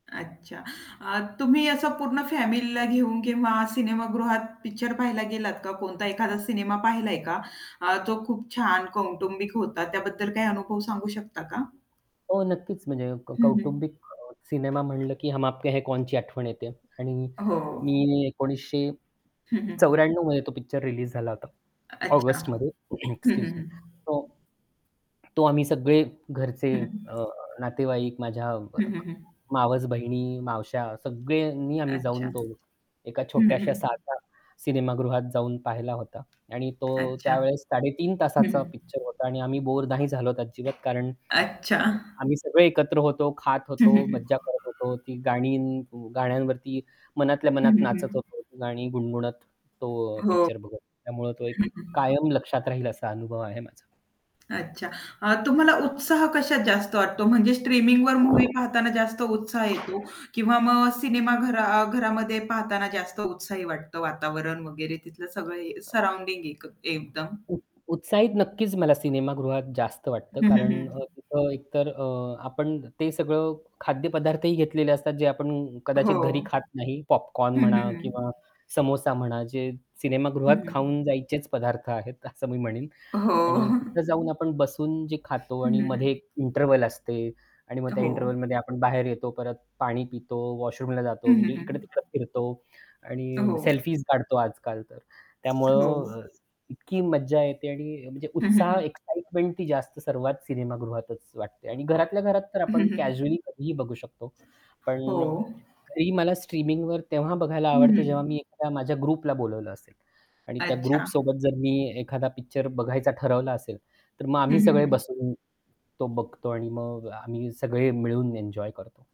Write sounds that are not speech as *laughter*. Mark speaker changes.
Speaker 1: अच्छा. अ, तुम्ही असं पूर्ण फॅमिलीला घेऊन किंवा सिनेमागृहात पिक्चर पाहायला गेलात का? कोणता एखादा सिनेमा पाहिला का? अ, तो खूप छान कौटुंबिक होता. त्याबद्दल काही अनुभव सांगू शकता का?
Speaker 2: हो नक्कीच म्हणजे
Speaker 1: हं, हं.
Speaker 2: कौटुंबिक अ, सिनेमा म्हटलं की "हम आपके है कौनची" आठवण येते. आणि
Speaker 1: हो.
Speaker 2: मी एकोणीसशे
Speaker 1: हं, हं.
Speaker 2: चौऱ्याण्णव मध्ये तो पिक्चर रिलीज झाला होता.
Speaker 1: अच्छा.
Speaker 2: ऑगस्टमध्ये *clears throat*
Speaker 1: हं, हं,
Speaker 2: एक्सक्यूज मी.
Speaker 1: हं.
Speaker 2: तो तो आम्ही सगळे घरचे
Speaker 1: हं.
Speaker 2: अ, नातेवाईक, माझ्या
Speaker 1: हं, हं, हं.
Speaker 2: मावस बहिणी, मावश्या सगळ्यांनी आम्ही
Speaker 1: अच्छा.
Speaker 2: जाऊन तो एका
Speaker 1: हं, हं,
Speaker 2: छोट्याशा
Speaker 1: हं.
Speaker 2: साध्या सिनेमागृहात जाऊन पाहिला होता. आणि तो
Speaker 1: अच्छा.
Speaker 2: त्यावेळेस
Speaker 1: हं,
Speaker 2: 3.30 तासाचा
Speaker 1: हं.
Speaker 2: पिक्चर होता आणि आम्ही बोर नाही झालोत अजिबात कारण
Speaker 1: अच्छा.
Speaker 2: अ, आम्ही सगळे एकत्र होतो, खात
Speaker 1: हं, हं,
Speaker 2: होतो, मज्जा
Speaker 1: हं.
Speaker 2: करत होतो. ती गाणी गाण्यांवरती मनातल्या
Speaker 1: हं,
Speaker 2: मनात
Speaker 1: हं,
Speaker 2: नाचत
Speaker 1: हं.
Speaker 2: होतो गाणी गुणगुणत तो अ,
Speaker 1: हो.
Speaker 2: पिक्चर बघत त्यामुळे तो एक
Speaker 1: हं, हं.
Speaker 2: कायम लक्षात राहील असा अनुभव आहे माझा.
Speaker 1: अच्छा. अ, तुम्हाला उत्साह कशात जास्त वाटतो? म्हणजे स्ट्रीमिंगवर मूव्ही पाहताना जास्त उत्साह येतो किंवा मग सिनेमाघरा घरामध्ये पाहताना जास्त उत्साही वाटतं वातावरण वगैरे तिथलं सगळं हे सराउंडिंग एक एकदम?
Speaker 2: उ उत्साहित नक्कीच मला सिनेमागृहात जास्त वाटतं.
Speaker 1: हं, हं,
Speaker 2: कारण अ,
Speaker 1: हं.
Speaker 2: तिथं एकतर अ, आपण ते सगळे खाद्यपदार्थही घेतलेले असतात जे आपण
Speaker 1: हो.
Speaker 2: कदाचित घरी खात नाही. पॉपकॉर्न
Speaker 1: हं, हं,
Speaker 2: म्हणा
Speaker 1: हं.
Speaker 2: किंवा समोसा म्हणा, जे सिनेमागृहात
Speaker 1: हं.
Speaker 2: खाऊन जायचेच पदार्थ आहेत असं मी म्हणेन.
Speaker 1: हो.
Speaker 2: आणि तिथे
Speaker 1: *chuckles*
Speaker 2: जाऊन आपण बसून जे खातो
Speaker 1: हं,
Speaker 2: आणि
Speaker 1: हं, हं.
Speaker 2: मध्ये इंटरव्हल असते आणि मग त्या
Speaker 1: हो.
Speaker 2: इंटरव्हलमध्ये आपण बाहेर येतो, परत पाणी पितो, वॉशरूमला
Speaker 1: हं,
Speaker 2: जातो
Speaker 1: हं,
Speaker 2: म्हणजे
Speaker 1: हं.
Speaker 2: इकडे-तिकडे फिरतो आणि
Speaker 1: हो.
Speaker 2: सेल्फी काढतो आजकाल तर
Speaker 1: हो.
Speaker 2: त्यामुळं अ, इतकी मज्जा येते आणि म्हणजे
Speaker 1: हं, हं,
Speaker 2: उत्साह,
Speaker 1: हं.
Speaker 2: एक्साईटमेंट ती जास्त सर्वात सिनेमागृहातच वाटते. आणि
Speaker 1: *unintelligible*
Speaker 2: घरातल्या घरात तर आपण
Speaker 1: हं, हं, हं.
Speaker 2: कॅज्युअली कधीही बघू शकतो. पण
Speaker 1: हो.
Speaker 2: अ, घरी मला स्ट्रीमिंगवर तेव्हा बघायला
Speaker 1: हं,
Speaker 2: आवडते
Speaker 1: हं,
Speaker 2: जेव्हा
Speaker 1: हं.
Speaker 2: मी एखादा माझ्या ग्रुपला बोलावलं असेल. आणि त्या
Speaker 1: अच्छा.
Speaker 2: ग्रुप सोबत जर मी एखादा पिक्चर बघायचा ठरवला असेल, तर मग
Speaker 1: हं,
Speaker 2: आम्ही
Speaker 1: हं,
Speaker 2: सगळे
Speaker 1: हं.
Speaker 2: बसून तो बघतो आणि मग आम्ही सगळे मिळून एन्जॉय करतो.